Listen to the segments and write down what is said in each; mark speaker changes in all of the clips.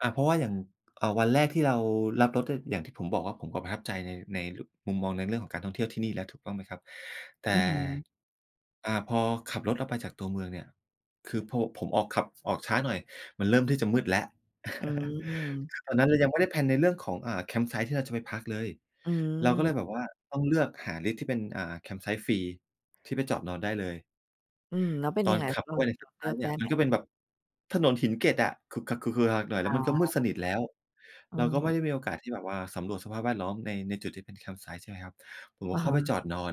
Speaker 1: อ่า เพราะว่าอย่าง เอ่อ วันแรกที่เรารับรถ ก็อย่างที่ผมบอกว่า ผมก็ประทับใจใน ในมุมมอง ในเรื่องของการท่องเที่ยวที่นี่แล้ว ถูกต้องไหมครับ? แต่
Speaker 2: อื้อฮือ
Speaker 1: อ่า พอขับรถออกไปจากตัวเมืองเนี่ย คือพอผมออก ขับออกช้าหน่อย มันเริ่มที่จะมืดแล้ว
Speaker 2: อืม
Speaker 1: คือตอนนั้น เรายังไม่ได้แพลนในเรื่องของ อ่า แคมป์ไซต์ที่เราจะไปพักเลย
Speaker 2: อื
Speaker 1: เราก็เลย
Speaker 2: ม
Speaker 1: แบบว่าต้องเลือกหาลิสต์ที่เป็น อ่า แคมป์ไซต์ฟรีที่ไปจอดนอนได้เลย
Speaker 2: อืม แล้วเป็น
Speaker 1: ต
Speaker 2: ย
Speaker 1: อ
Speaker 2: ั
Speaker 1: น
Speaker 2: งไง
Speaker 1: ข
Speaker 2: เ
Speaker 1: ับ
Speaker 2: ร
Speaker 1: เ
Speaker 2: า
Speaker 1: ข้า
Speaker 2: เ
Speaker 1: ไ
Speaker 2: ล
Speaker 1: ปในแค
Speaker 2: ื
Speaker 1: มป์ไซ
Speaker 2: อ
Speaker 1: ด
Speaker 2: ก
Speaker 1: ์เ
Speaker 2: ไ
Speaker 1: นี
Speaker 2: ด
Speaker 1: ่
Speaker 2: ้
Speaker 1: ย
Speaker 2: ไ
Speaker 1: ม
Speaker 2: ห
Speaker 1: ั
Speaker 2: ม?
Speaker 1: นก็เป็นแบบถนนหินเเกล็ดอะ หน่อย แล
Speaker 2: อ
Speaker 1: ้ว
Speaker 2: ๋
Speaker 1: มันก็มืด
Speaker 2: อ
Speaker 1: สนิทแล้ว เราก็ไม่
Speaker 2: เออ
Speaker 1: ได้มีโอกาสที่แบบว่าสำรวจสภาพแวดล้อมใน ในจุด ที่เป็นแคมป์ไซต์ ใช่ไหมครับ ผมก
Speaker 2: อ
Speaker 1: ็
Speaker 2: ะ
Speaker 1: เข
Speaker 2: ฮ
Speaker 1: ้า
Speaker 2: ะ
Speaker 1: ไปจอดนอน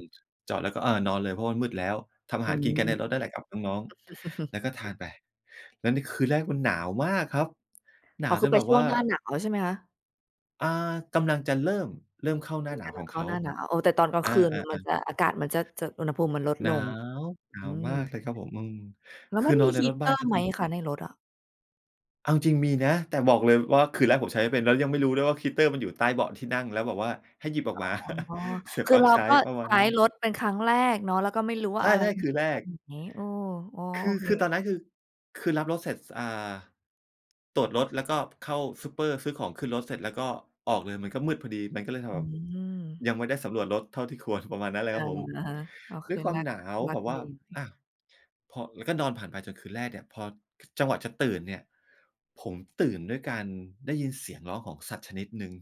Speaker 1: จอดแล้วก็ อ่า นอนเลยเพราะว่ามันมืดแล้ว ทำอ
Speaker 2: อ
Speaker 1: า
Speaker 2: ื
Speaker 1: หารกินกันในรถ
Speaker 2: ม
Speaker 1: นั่นแหละกับน้อง ๆ แล้วก็ทานไป แล้วในคืนแรกมันหนาวมากครับ หน
Speaker 2: อ๋
Speaker 1: า
Speaker 2: อ
Speaker 1: ว
Speaker 2: คื
Speaker 1: จ
Speaker 2: อ
Speaker 1: น
Speaker 2: ไป
Speaker 1: แบบ
Speaker 2: ช่
Speaker 1: ว
Speaker 2: ว
Speaker 1: ่
Speaker 2: ง
Speaker 1: า
Speaker 2: หน้าหนาวใช่ไหมคะ?
Speaker 1: อ่า กำลังจะเริ่ม เริ่มเข้าหน
Speaker 2: อ
Speaker 1: ้า
Speaker 2: ืม
Speaker 1: หนา
Speaker 2: ก
Speaker 1: ว
Speaker 2: ำล
Speaker 1: ข
Speaker 2: ั
Speaker 1: อ
Speaker 2: ง
Speaker 1: ง
Speaker 2: เข
Speaker 1: เข
Speaker 2: ้า
Speaker 1: า
Speaker 2: หน้าหนาว เอ่อ แต่ตอนกลาง
Speaker 1: อา
Speaker 2: คืนเหมือนมัน
Speaker 1: ๆ ๆ
Speaker 2: จะ อากาศมันจะ จะอุณหภูมิมันลด
Speaker 1: หน
Speaker 2: ล
Speaker 1: า
Speaker 2: ง
Speaker 1: ว หนา
Speaker 2: อื
Speaker 1: วมาก
Speaker 2: ม
Speaker 1: เลยครับผม อืม
Speaker 2: แล้
Speaker 1: ค
Speaker 2: วม
Speaker 1: ื
Speaker 2: ั
Speaker 1: อ
Speaker 2: น
Speaker 1: น
Speaker 2: ม
Speaker 1: อ
Speaker 2: ี
Speaker 1: นในรถบ้าน
Speaker 2: heater
Speaker 1: ก็
Speaker 2: ไหม
Speaker 1: คือ
Speaker 2: คะในรถอะ?
Speaker 1: เอาจริง ๆ มีนะ แต่บอกเลยว่าคืนแรก ผมใช้ไม่เป็นแล้วยังไม่รู้ด้วย ว่า heater มันอยู่ใต้เบาะที่นั่ง แล้วแบบว่าให้หยิบออก
Speaker 2: อ
Speaker 1: มา
Speaker 2: ๋อ
Speaker 1: เสียบ
Speaker 2: คื
Speaker 1: ป
Speaker 2: อ
Speaker 1: ลั๊ก
Speaker 2: เรา
Speaker 1: ใช้
Speaker 2: ก็
Speaker 1: ประม
Speaker 2: ใ
Speaker 1: า
Speaker 2: ช
Speaker 1: ณ
Speaker 2: ้
Speaker 1: นั้น
Speaker 2: รถเป็นครั้งแรกเนาะ แล้วก็ไม่รู้ว่
Speaker 1: ใช
Speaker 2: า
Speaker 1: ่
Speaker 2: อะไรอย
Speaker 1: ๆ คือแ
Speaker 2: ู
Speaker 1: ร
Speaker 2: ่ตร
Speaker 1: ก
Speaker 2: งไหน เออ อ๋อ
Speaker 1: ค
Speaker 2: โอ
Speaker 1: ือ
Speaker 2: เค
Speaker 1: คือตอนนั้น คือ คือรับรถเสร็จ อ่า ตรวจรถแล้วก็เข้าซูปเปอร์ ซื้อของขึ้นรถเสร็จ แล้วก็ออกเลยมันก็มืดพอดี มันก็เลย ท
Speaker 2: อื
Speaker 1: แบบ
Speaker 2: ม
Speaker 1: ยังไม่ได้สำรวจรถเท่าที่ควร ประมาณนั้นเล
Speaker 2: อ
Speaker 1: ยค
Speaker 2: า
Speaker 1: รับผม
Speaker 2: อะฮะ อ๋อ ค
Speaker 1: ด้วย
Speaker 2: ืน
Speaker 1: คว
Speaker 2: แ
Speaker 1: า
Speaker 2: ร
Speaker 1: ม
Speaker 2: ก
Speaker 1: หนา
Speaker 2: ท
Speaker 1: ว
Speaker 2: ุลั
Speaker 1: แ
Speaker 2: ก
Speaker 1: บ
Speaker 2: ท
Speaker 1: บ
Speaker 2: ุ
Speaker 1: ว
Speaker 2: เ
Speaker 1: ่
Speaker 2: ล
Speaker 1: า อะ พอ แล้วก็นอนผ่านไปจนคืนแรกเนี่ย พอจังหวะจะตื่นเนี่ย ผมตื่นด้วยการได้ยินเสียงร้องของสัตว์ชนิดหนึ่ง